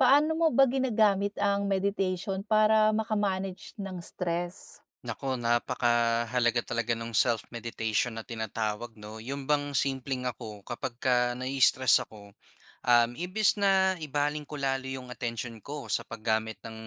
Paano mo ba ginagamit ang meditation para maka-manage ng stress? Naku napakahalaga talaga no'ng self-meditation na tinatawag 'no. 'Yon bang simpleng ako kapag ka nai-stress ako, um, imbis na ibaling ko lalo 'yong atensyon ko sa paggamit ng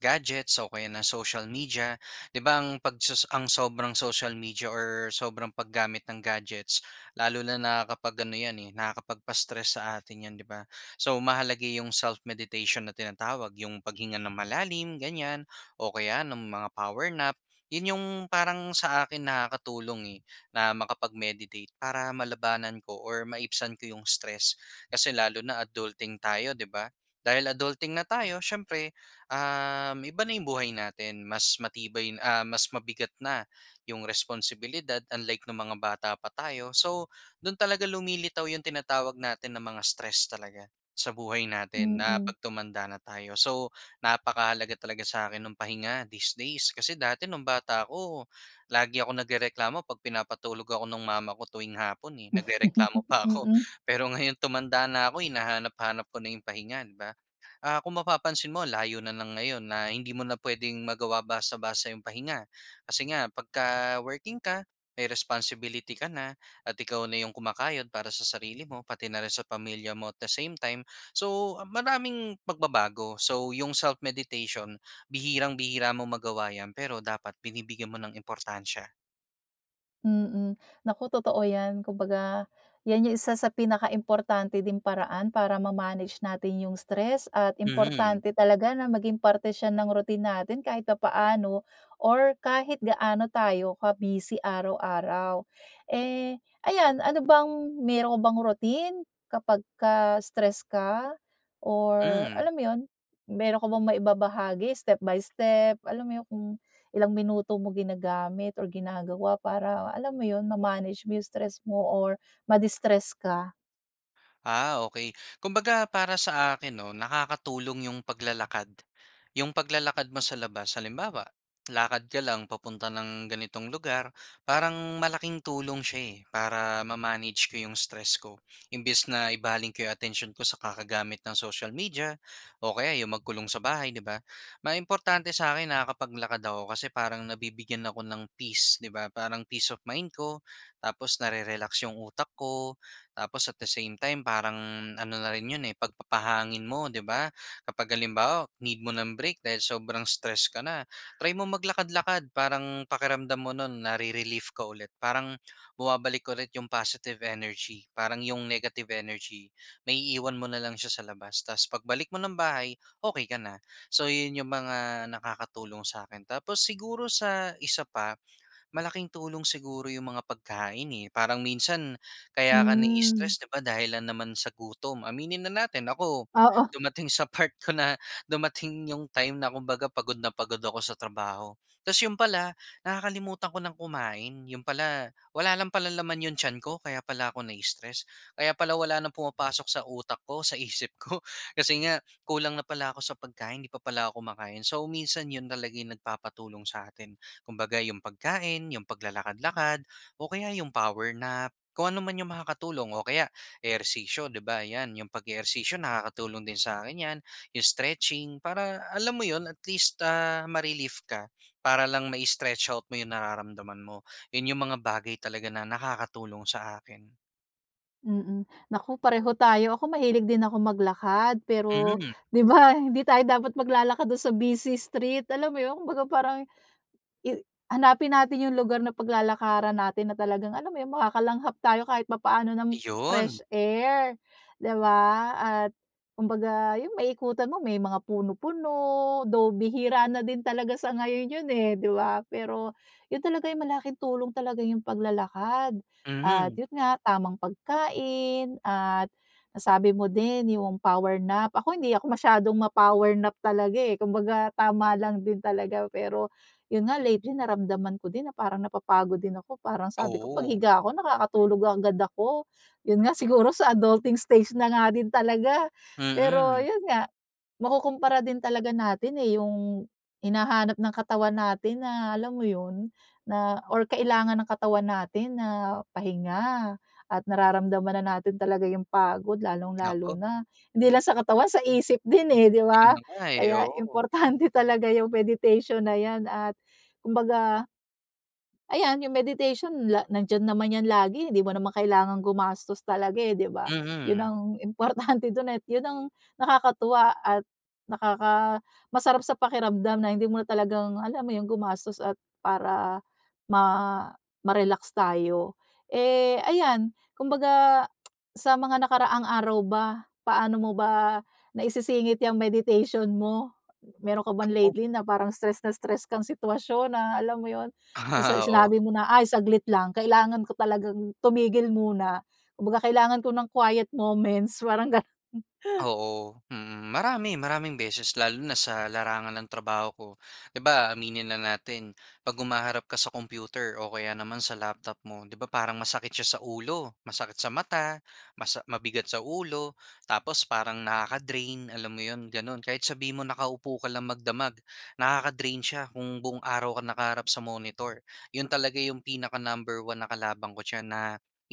gadgets o kaya ng social media. 'Di ba ang pagsus ang sobrang social media or sobrang paggamit ng gadgets lalo na na kapag ano 'yan, eh, nakakapagpa-stress sa atin 'yan 'di ba. So mahalaga 'yong self-meditation na tinatawag 'yong paghinga nang malalim ganyan o kaya ng mga power nap. 'Yon 'yong parang sa akin nakakatulong, eh, na makapag-meditate para malabanan ko or maibsan ko 'yong stress. Kasi lalo na adulting tayo 'di ba? Dahil adulting na tayo siyempre, um, iba na 'yong buhay natin. Mas matibay, ah, mas mabigat na 'yong responsibilidad unlike no'ng mga bata pa tayo. So do'n talaga lumilitaw 'yon tinatawag natin na mga stress talaga sa buhay natin na Mm. 'pag tumanda na tayo. So napakahalaga talaga sa akin no'ng pahinga these days. Kasi dati no'ng bata ako lagi akong nagrereklamo 'pag pinapatulog ako no'ng mama ko tuwing hapon, eh. Nagrereklamo pa ako Mm. pero ngayon tumanda na ako hinahanap-hanap ko na 'yong pahinga 'di ba. Ah, kung mapapansin mo layo na lang ngayon na hindi mo na puwedeng magawa basta-basta 'yong pahinga. Kasi nga pagka-working ka, may responsibility ka na at ikaw na 'yong kumakayod para sa sarili mo pati na rin sa pamilya mo at the same time so, maraming pagbabago. So 'yong self-meditation bihirang-bihira mo magawa 'yan pero dapat binibigyan mo ng importansya. Mm. Naku totoo 'yan. Kumbaga, 'yan 'yong isa sa pinaka importante ding paraan para ma-manage natin 'yung stress, at Mhm. importante talaga na maging parte siya ng routine natin kahit papaano or kahit gaano tayo ka-busy araw-araw. Eh, ayan, ano bang meron ka bang routine kapagka stress ka or Hmm. alam mo 'yon, meron ka bang maibabahagi step by step, alam mo 'yon kung ilang minuto mo ginagamit or ginagawa para alam mo 'yon, ma-manage mo 'yong stress mo or ma-distress ka? Ah, okey. Kumbaga para sa akin 'no, nakakatulong yung paglalakad, 'yong paglalakad mo sa labas. Halimbawa, lakad ka lang papunta ng ganitong lugar parang malaking tulong siya, eh, para ma-manage ko 'yong stress ko. Imbes na ibaling ko 'yong atensyon ko sa kakagamit ng social media o kaya 'yong magkulong sa bahay 'di ba, may importante sa'kin na nakakapaglakad ako. Kasi parang nabibigyan ako ng peace 'di ba, parang peace of mind ko, tapos narerelax 'yong utak ko, tapos at the same time parang ano na rin 'yon, eh, pagpapahangin mo, 'di ba. Kapag halimbawa, need mo ng break dahil sobrang stress ka na, try mo maglakad-lakad. Parang pakiramdam mo no'n nare-relief ka ulit, parang bumabalik ulit 'yong positive energy. Parang 'yong negative energy naiiwan mo na lang siya sa labas, tas pagbalik mo ng bahay okey ka na. So, 'yon 'yong mga nakakatulong sa'kin. Tapos siguro, sa isa pa, malaking tulong siguro 'yong mga pagkain, eh, parang minsan kaya ka Hmm. na-stress di ba, dahil lang naman sa gutom, aminin na natin. Ako, Oo. dumating sa part ko na dumating 'yong time na kumbaga pagod na pagod ako sa trabaho, tas 'yon pala nakakalimutan ko nang kumain, 'yon pala wala lang pala naman 'yong tiyan ko, kaya pala ako na-stress. Kaya pala wala nang pumapasok sa utak ko, sa isip ko kasi nga kulang na pala ako sa pagkain, hindi pa pala ako kumakain. So minsan, 'yon talaga 'yong nagpapatulong sa atin. Kumbaga, 'yong pagkain, 'yong paglalakad-lakad o kaya 'yong power nap, kung ano man 'yong makakatulong o kaya ehersisyo 'di ba. 'Yan 'yong pag-ehersisyo nakakatulong din sa'kin 'yan. 'Yong stretching, para alam mo 'yon, at least, ah, ma-relief ka para lang ma-stretch out mo 'yong nararamdaman mo. 'Yon 'yong mga bagay talaga na nakakatulong sa akin. Mm, naku pareho tayo, ako mahilig din akong maglakad pero, Mhm. 'di ba hindi tayo dapat maglalakad dun sa busy street, alam mo yun kumbaga parang i hanapin natin yung lugar na paglalakaran natin na talagang alam mo 'yon makakalanghap tayo kahit papaano ng Iyon. fresh air, 'di ba? At kumbaga yun maiikutan mo, may mga puno-puno, though bihira na din talaga sa ngayon yun, eh, 'di ba? Pero yun talaga yung malaking tulong talaga yung paglalakad at Mhm. yun nga tamang pagkain at nasabi mo din yung power nap, ako hindi ako masyadong ma-power nap talaga eh, kumbaga tama lang din talaga pero yun nga lately naramdaman ko din na parang napapagod din ako, parang sabi ko Oo. paghiga ko nakakatulog agad ako, yun nga siguro sa adulting stage na nga din talaga. Pero Mm. yun nga makukumpara din talaga natin eh, yung hinahanap ng katawan natin na alam mo yun na or kailangan ng katawan natin na pahinga at nararamdaman na natin talaga yung pagod lalong-lalo Naku. na hindi lang sa katawan sa isip din eh, 'di 'Yon ba? na nga eh, Kaya oo. importante talaga yung meditation na yan at kumbaga ayan yung meditation la nandiyan naman yan lagi hindi mo naman kailangang gumastos talaga eh, 'di ba? Yun Mhm. ang importante dun, eh, yun ang nakakatuwa at nakaka masarap sa pakiramdam na hindi mo na talagang alam mo yun gumastos at para ma ma-relax tayo. Eh, ayan kumbaga sa mga nakaraang araw ba, paano mo ba naisisingit yang meditation mo? Meron ka bang Naku. lately na parang stress na stress kang sitwasyon na alam mo 'yon sa Ah, oo. sinabi mo na ay saglit lang kailangan ko talagang tumigil muna kumbaga kailangan ko ng quiet moments parang ganun. Oo, mhm, marami maraming beses lalo na sa larangan ng trabaho ko. 'Di ba, aminin na natin 'pag humaharap ka sa computer o kaya naman sa laptop mo, 'di ba parang masakit siya sa ulo, masakit sa mata, masa mabigat sa ulo, tapos parang nakaka-drain, alam mo 'yon gano'n, kahit sabihin mo nakaupo ka lang magdamag, nakaka-drain siya kung buong araw ka nakaharap sa monitor. Yun talaga yung pinaka-number one na kalaban ko d'yan na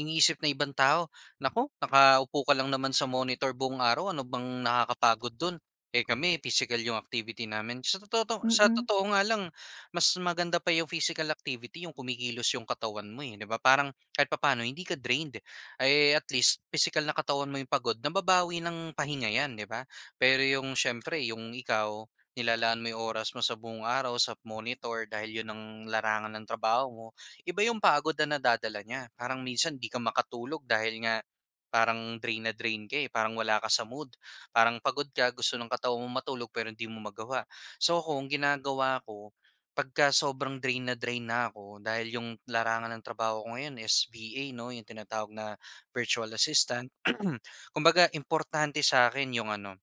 iniisip ng ibang tao naku nakaupo ka lang naman sa monitor buong araw, ano bang nakakapagod do'n, eh, kami pisikal yung activity namin. Sa tototo sa Mm. totoo nga lang mas maganda pa yung physical activity yung kumikilos yung katawan mo, eh, 'di ba parang kahit papaano hindi ka drained eh, at least pisikal na katawan mo 'yong pagod nababawi ng pahinga yan 'di ba? Pero yung siyempre yung ikaw nilalaan mo yung oras mo sa buong araw sa monitor dahil 'yon ang larangan ng trabaho mo, iba yung pagod na nadadala niya, parang minsan 'di ka makatulog dahil nga parang drain na drain ka, eh, parang wala ka sa mood, parang pagod ka gusto ng katawan mong matulog pero hindi mo magawa. So ako ang ginagawa ko pagka sobrang drain na drain na ako, dahil yung larangan ng trabaho ko ngayon is VA 'no, yung tinatawag na virtual assistant kumbaga importante sa akin yung ano,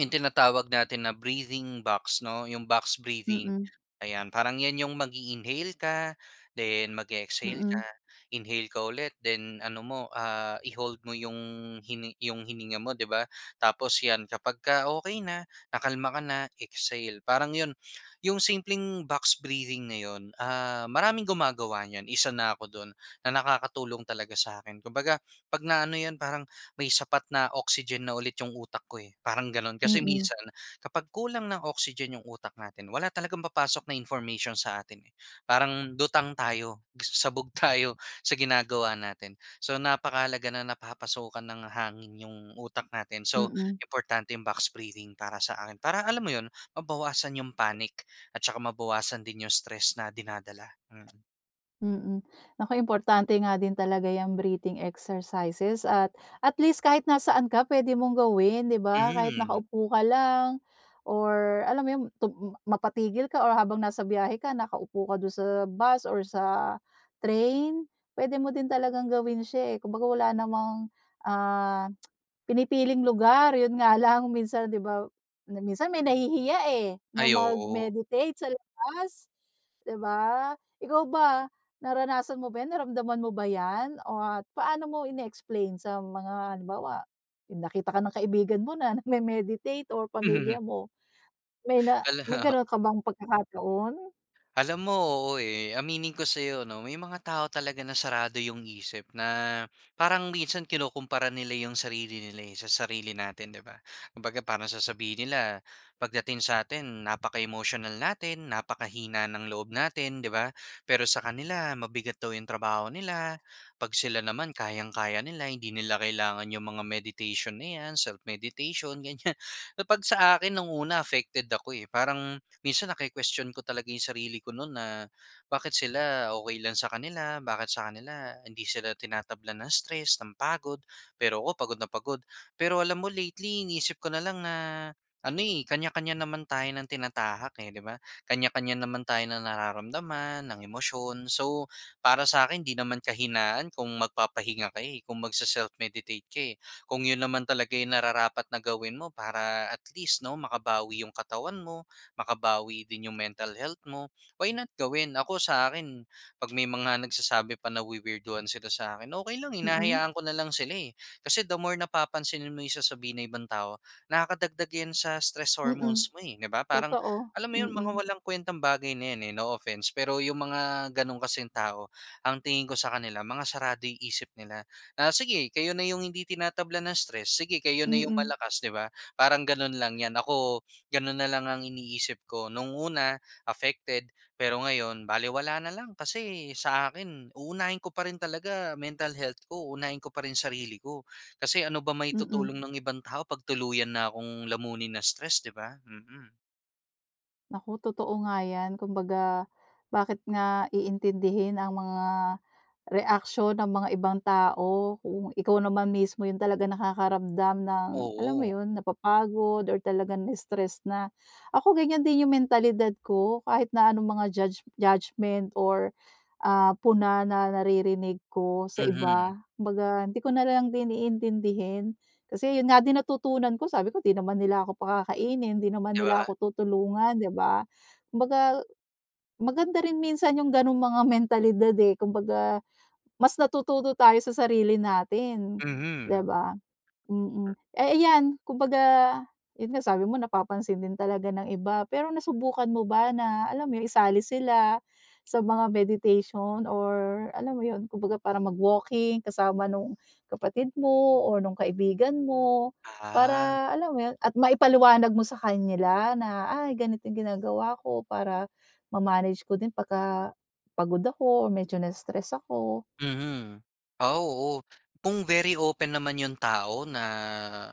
yung tinatawag natin na breathing box 'no, yung box breathing, Mm. ayan parang 'yan yung mag-iinhale ka then mag-e-exhale ka, Mm. inhale ka ulit then ano mo ah, i-hold mo yung hini yung hininga mo 'di ba, tapos 'yan kapag ka okey na, nakalma ka na exhale, parang yun yung simpleng box breathing na 'yon ah, maraming gumagawa niyan, isa na ako do'n na nakakatulong talaga sa akin kumbaga 'pag na ano 'yan parang may sapat na oxygen na ulit yung utak ko, eh, parang gano'n kasi Mm. minsan kapag kulang ng oxygen 'yong utak natin wala talagang papasok na information sa atin, eh, parang lutang tayo, sabog tayo sa ginagawa natin. So napakahalaga na napapasukan ng hangin yung utak natin, so Mm. importante yung box breathing para sa akin, para alam mo 'yon mabawasan yung panic at tsaka mabawasan din yung stress na dinadala, mm. Mm. Naku importante nga din talaga 'yang breathing exercises, at at least kahit nasaan ka puwede mong gawin, 'di ba? Kahit Hmm. nakaupo ka lang or alam mo 'yon, tum mapatigil ka o habang nasa biyahe ka nakaupo ka do'n sa bus or sa train puwede mo din talagang gawin siya, eh. Kumbaga wala namang, ah, pinipiling lugar yun nga lang minsan, 'di ba, minsan may nahihiya, eh, na Ay oo. mag-meditate sa labas, 'di ba? Ikaw ba, naranasan mo ba yan naramdaman mo ba yan o at paano mo ine-explain sa mga halimbawa yung nakita ka ng kaibigan mo na nagme-meditate or Mhm. pamilya mo, may na may ganun ka bang pagkakataon? Alam mo, oo, eh. Aminin ko sa'yo 'no, may mga tao talaga na sarado 'yong isip na parang minsan kinukumpara nila 'yong sarili nila, eh, sa sarili natin, 'di ba? Kung baga parang sasabihin nila pagdating sa atin napaka-emotional natin, napakahina ng loob natin 'di ba, pero sa kanila mabigat daw 'yong trabaho nila 'pag sila naman kayang-kaya nila hindi nila kailangan 'yong mga meditation na 'yan, self-meditation, ganyan. Kapag sa akin nung una affected ako eh, parang minsan naki-question ko talaga 'yong sarili ko no'n na, "Bakit sila okey lang sa kanila? Bakit sa kanila hindi sila tinatablan ng stress, ng pagod? Pero ako pagod na pagod." Pero alam mo lately, iniisip ko na lang na ano, eh, kanya-kanya naman tayo ng tinatahak, eh, 'di ba? Kanya-kanya naman tayo ng nararamdaman, ng emosyon, so, para sa akin 'di naman kahinaan kung magpapahinga ka, eh, kung magse-self-meditate ka, eh, kung 'yon naman talaga 'yong nararapat na gawin mo. Para at least 'no makabawi 'yong katawan mo, makabawi din 'yong mental health mo, why not gawin? Ako sa akin, 'pag may mga nagsasabi pa nawi-weirduhan sila sa akin, okey lang, Mm. hinahayaan ko na lang sila, eh. Kasi the more napapansinin mo 'yong sasabihin ng ibang tao nakakadagdag 'yan sa stress Mm. hormones mo, eh, 'di ba? Parang Totoo. alam mo 'yon mga Mm. walang kuwentang bagay na 'yan, eh, no offense, pero 'yong mga gano'n kasing tao, ang tingin ko sa kanila mga sarado yung isip nila. Na sige kayo na 'yong hindi tinatablan ng stress, sige kayo na 'yong Mm. malakas, 'di ba, parang gano'n lang 'yan. Ako gano'n na lang ang iniisip ko. No'ng una affected, pero ngayon balewala na lang, kasi sa akin uunahin ko pa rin talaga mental health ko. Unahin ko pa rin sarili ko, kasi ano ba Mm. maitutulong ng ibang tao 'pag tuluyan na kong lamunin ng stress, 'di ba? Mm. Naku totoo nga yan, kumbaga, bakit nga iintindihin ang mga reaksyon ng mga ibang tao kung ikaw naman mismo 'yong talaga nakakaramdam ng, alam mo Oo. 'yon, napapagod or talaga na-stress na. Ako, ganyan din 'yung mentalidad ko, kahit na anong mga judge judgement, or ah, puna na naririnig ko sa Mhm. iba, kumbaga hindi ko na lang din iintindihin. Kasi 'yon nga din natutunan ko, sabi ko, "'Di naman nila ako pakakainin, 'di naman 'Di nila ba? ako tutulungan."'Di ba? Kumbaga maganda rin minsan 'yong gano'ng mga mentalidad, eh. Kumbaga mas natututo tayo sa sarili natin, 'di Mhm. ba? Mm. Eh, iyan kumbaga 'yon nga sabi mo, napapansin din talaga ng iba, pero nasubukan mo ba na, alam mo 'yun, isali sila sa mga meditation or alam mo 'yon, kumbaga parang mag-walking kasama nung kapatid mo or nung kaibigan mo, Ah. para alam mo 'yon at maipaliwanag mo sa kanila na, "Ay, ganito 'yong ginagawa ko para ma-manage ko din pagka pagod ako o medyo na-stress ako." Mhm. Ah, oo. Kung very open naman 'yon tao na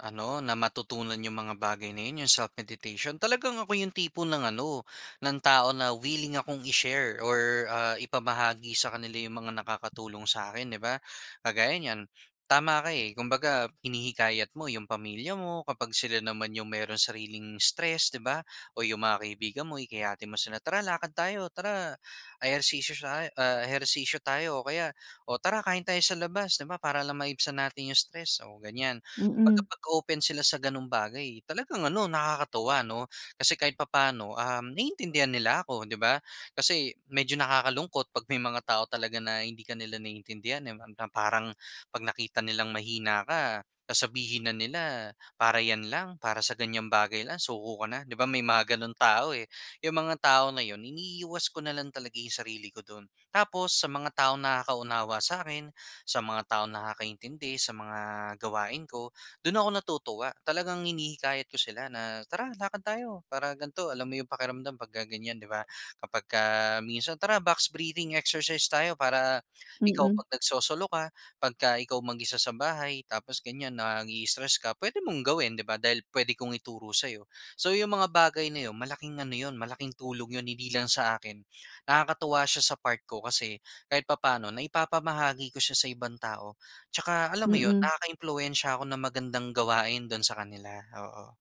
ano, na matutunan 'yong mga bagay na 'yon, 'yong self-meditation. Talagang ako 'yong tipo ng ano, ng tao na willing akong i-share or ah, ipamahagi sa kanila 'yong mga nakakatulong sa'kin, 'di ba. Kagaya niyan tama ka, eh. Kumbaga, hinihikayat mo 'yong pamilya mo kapag sila naman 'yong merong sariling stress, 'di ba o 'yong mga kaibigan mo, hikayatin mo sila, "Tara, lakad tayo. Tara ehersisyo shay ah, ehersisyo tayo." O kaya, "O, tara kain tayo sa labas." 'Di ba, para lang maibsan natin 'yong stress, o ganyan. Kumbaga, Mm. pag-open sila sa gano'ng bagay talagang ano, nakakatuwa 'no? Kasi kahit papaano, um, naiintindihan nila ako, 'di ba? Kasi, medyo nakakalungkot 'pag may mga tao talaga na hindi ka nila naiintindihan, eh, ram na parang 'pag nakita nilang mahina ka, sasabihin na nila "Para 'yan lang, para sa ganyang bagay lang suko ka na?" 'Di ba, may mga gano'ng tao eh. 'Yong mga tao na 'yon iniiwas ko na lang talaga 'yong sarili ko do'n. Tapos, sa mga taong nakaka-unawa sa'kin, sa mga taong nakakaintindi sa mga gawain ko, do'n ako natutuwa. Talagang hinihikayat ko sila na "Tara, lakad tayo para gan'to, alam mo 'yung pakiramdam pagka ganyan." 'Di ba, kapagka minsan "Tara, box breathing exercise tayo. Para ikaw, Mm. 'pag nagsosolo ka, pagka ikaw mag-isa sa bahay, tapos ganyan naii-stress ka, pwede mong gawin." Di ba, dahil pwede kong ituro sa'yo. So, 'yong mga bagay na 'yon, malaking ano 'yon, malaking tulong 'yon, hindi lang sa akin. Nakakatuwa siya sa part ko, kasi kahit papaano naipapamahagi ko siya sa ibang tao. Tsaka alam mo 'yon, Mm. nakaka-impluwensya ako ng magandang gawain do'n sa kanila, oo.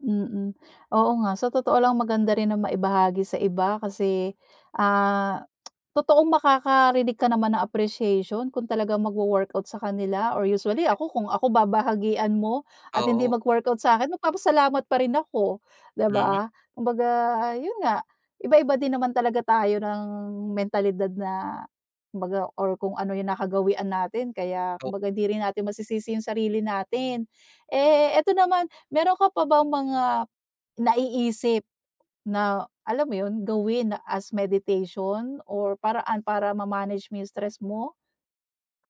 Mhm. Oo nga. Sa totoo lang maganda rin na maibahagi sa iba kasi, ah, totoong makakarinig ka naman ng appreciation kung talagang magwo-workout sa kanila, or usually [unintelligible] ako, kung ako babahagian mo at hindi Oo. mag-workout sa akin, magpapasalamat pa rin ako, 'di Hmm. ba? Kumbaga, 'yon nga, iba-iba din naman talaga tayo ng mentalidad na, kumbaga, or kung ano yung nakagawian natin kaya, Oh. kumbaga, hindi rin natin masisisi yung sarili natin. Eh, ito naman, mayro'n ka pa bang mga naiisip na, alam mo yon, gawin as meditation, or paraan para ma-manage mo stress mo?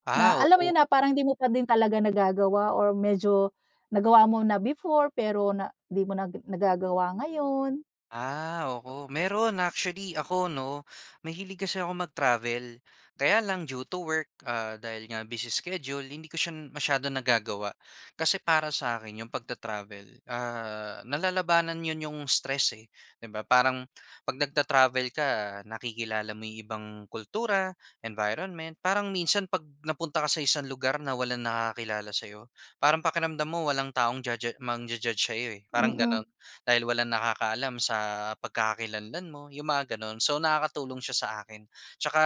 Ah, Na alam mo oo. 'yon, na parang 'di mo pa din talaga nagagawa, or medyo nagawa mo na before pero na di mo na nagagawa ngayon? Ah, oo mayro'n. Actually ako, 'no, mahilig kasi ako mag-travel. Kaya lang due to work, ah, dahil nga busy schedule hindi ko siya masyadong nagagawa. Kasi para sa akin, yung pagta-travel, ah, nalalabanan 'yon yung stress, eh, 'di ba? Parang 'pag nagta-travel ka, nakikilala mo yung ibang kultura, environment, parang minsan 'pag napunta ka sa isang lugar na walang nakakakilala sa'yo, parang pakiramdam mo walang taong ja ja mangja-judge sa'yo, eh, parang gano'n. Mhm. Dahil walang nakakaalam sa pagkakakilanlan mo, yung mga gano'n. So, nakakatulong siya sa akin 'tsaka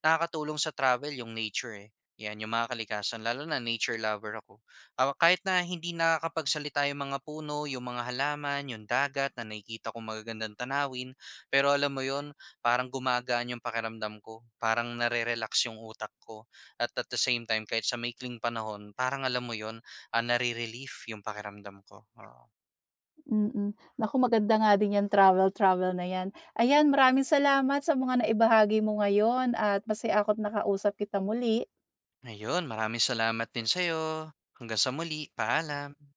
nakakatulong sa travel yung nature, eh, 'yan, yung mga kalikasan, lalo na nature lover ako. Ah, kahit na hindi nakakapagsalita yung mga puno, yung mga halaman, yung dagat, na nakikita kong magagandang tanawin. Pero alam mo 'yon, parang gumagaan yung pakiramdam ko. Parang nare-relax yung utak ko, at at the same time, kahit sa maikling panahon parang, alam mo 'yon, ah, nare-relief yung pakiramdam ko, oo. Mhm. Naku, maganda nga din yan travel-travel na yan. Ayan, maraming salamat sa mga naibahagi mo ngayon, at masaya ako't nakausap kita muli. Ayun. Maraming salamat din sa'yo. Hanggang sa muli. Paalam.